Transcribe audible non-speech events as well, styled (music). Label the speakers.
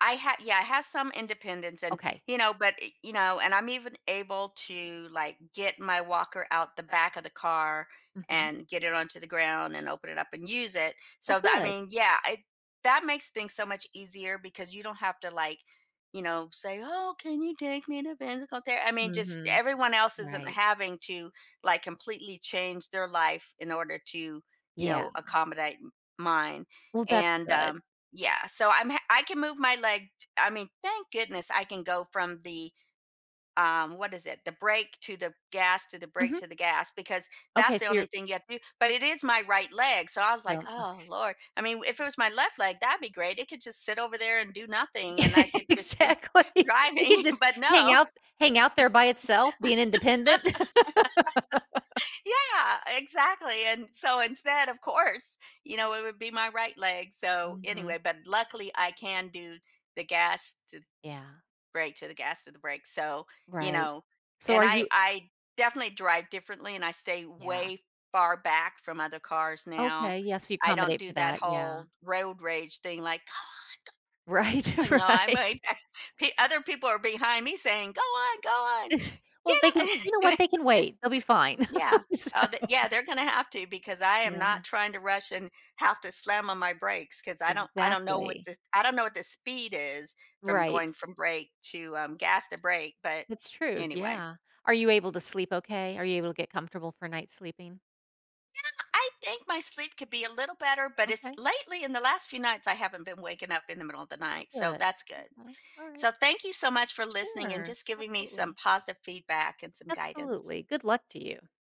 Speaker 1: I ha yeah, I have some independence and,
Speaker 2: Okay.
Speaker 1: you know, but e you know, and I'm even able to, like, get my walker out the back of the car
Speaker 2: Mhm.
Speaker 1: and get it onto the ground and open it up and use it,
Speaker 2: Oh,
Speaker 1: so tha I
Speaker 2: good.
Speaker 1: mean, yeah, it that makes things so much easier because you don't have to, like, you know, say, "Oh, can you take me to physical ther" I mean, just
Speaker 2: Mhm.
Speaker 1: everyone else isn't
Speaker 2: Right.
Speaker 1: having to, like, completely change their life in order to, you
Speaker 2: Yeah.
Speaker 1: know, accommodate m mine.
Speaker 2: Well, that's
Speaker 1: And,
Speaker 2: good.
Speaker 1: um, yeah, so I'm ha I can move my leg I mean, thank goodness I can go from the, um, what is it? The brake to the gas, to the brake
Speaker 2: Mhm.
Speaker 1: to the gas, because that's
Speaker 2: Okay, so
Speaker 1: the only
Speaker 2: your
Speaker 1: thing you have to do. But it is my right leg, so I was
Speaker 2: So,
Speaker 1: like,
Speaker 2: m
Speaker 1: "Oh
Speaker 2: okay.
Speaker 1: Lord," I mean, w if it was my left leg, that'd be great; it could just sit over there and do nothing,
Speaker 2: E
Speaker 1: and I could just be
Speaker 2: Exactly. It could
Speaker 1: driving,
Speaker 2: just
Speaker 1: but
Speaker 2: hang
Speaker 1: no. (laughs)
Speaker 2: out th hang out there by itself being independent. (laughs)
Speaker 1: Yeah, exactly, and so instead, of course, you know, it would be my right leg, so
Speaker 2: Mhm.
Speaker 1: anyway. But luckily, I can do the gas to th
Speaker 2: Yeah.
Speaker 1: brake, to the gas to the brake, so, you
Speaker 2: Right,
Speaker 1: know.
Speaker 2: so
Speaker 1: And
Speaker 2: are
Speaker 1: I
Speaker 2: you
Speaker 1: I definitely drive differently and I stay
Speaker 2: Yeah.
Speaker 1: way far back from other cars now.
Speaker 2: Okay, yes, you
Speaker 1: I don't
Speaker 2: accommodate
Speaker 1: do
Speaker 2: for
Speaker 1: that
Speaker 2: that, yeah.
Speaker 1: whole road rage thing like, "Come on go. Let's get
Speaker 2: Right,
Speaker 1: going." No, I'm
Speaker 2: right.
Speaker 1: a peo other people are behind me saying, "Go on, go on,
Speaker 2: (scoffs) Well,
Speaker 1: get
Speaker 2: they can
Speaker 1: ou"
Speaker 2: you know what? They can
Speaker 1: (chuckles)
Speaker 2: wait; they'll be fine.
Speaker 1: Yeah,
Speaker 2: (chuckles) So
Speaker 1: uh, the yeah, they're gonna have to because I am
Speaker 2: Yeah.
Speaker 1: not trying to rush and have to slam on my brakes 'cause I don't I don't know what
Speaker 2: Exactly.
Speaker 1: this I don't know what the speed is from going
Speaker 2: Right.
Speaker 1: from brake to, um, gas to brake, but
Speaker 2: That's true,
Speaker 1: anyway.
Speaker 2: yeah. Are you able to sleep okay? Are you able to get comfortable for a night sleeping?
Speaker 1: Yeah! I think my sleep could be a little better, but it's
Speaker 2: Okay.
Speaker 1: lately, in the last few nights, I haven't been waking up in the middle of the night, so
Speaker 2: Good,
Speaker 1: that's good.
Speaker 2: okay, alright.
Speaker 1: So, thank you so much for listening and
Speaker 2: Sure,
Speaker 1: just giving me some
Speaker 2: absolutely.
Speaker 1: positive feedback and some guidance.
Speaker 2: Absolutely, good luck to you.